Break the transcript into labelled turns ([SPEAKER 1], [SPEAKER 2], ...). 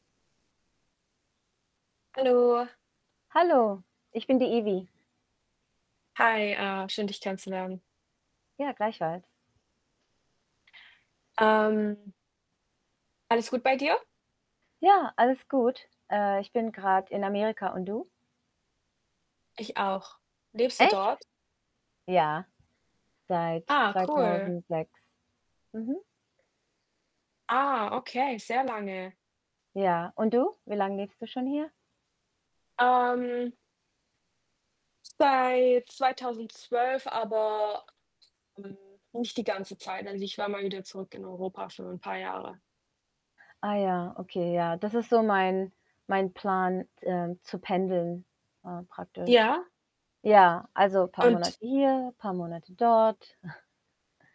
[SPEAKER 1] Hallo.
[SPEAKER 2] Hallo, ich bin die Ivi.
[SPEAKER 1] Hi, äh, schön dich kennenzulernen.
[SPEAKER 2] Ja, gleichfalls.
[SPEAKER 1] Ähm. Alles gut bei dir?
[SPEAKER 2] Ja, alles gut. Äh, ich bin grad in Amerika, und du?
[SPEAKER 1] Ich auch. Lebst du
[SPEAKER 2] Echt?
[SPEAKER 1] dort?
[SPEAKER 2] Ja, seit
[SPEAKER 1] Ah, cool.
[SPEAKER 2] 2006. Mhm.
[SPEAKER 1] Ah, okay, sehr lange.
[SPEAKER 2] Ja, und du? Wie lang lebst du schon hier?
[SPEAKER 1] Ähm. Seit 2012, aber hm, nicht die ganze Zeit. Also, ich war mal wieder zurück in Europa für 'n paar Jahre.
[SPEAKER 2] Ah ja, okay, ja. Das ist so mein mein Plan z äh, zu pendeln, äh, praktisch.
[SPEAKER 1] Ja.
[SPEAKER 2] Ja, also, paar
[SPEAKER 1] Und
[SPEAKER 2] Monate hier, paar Monate dort.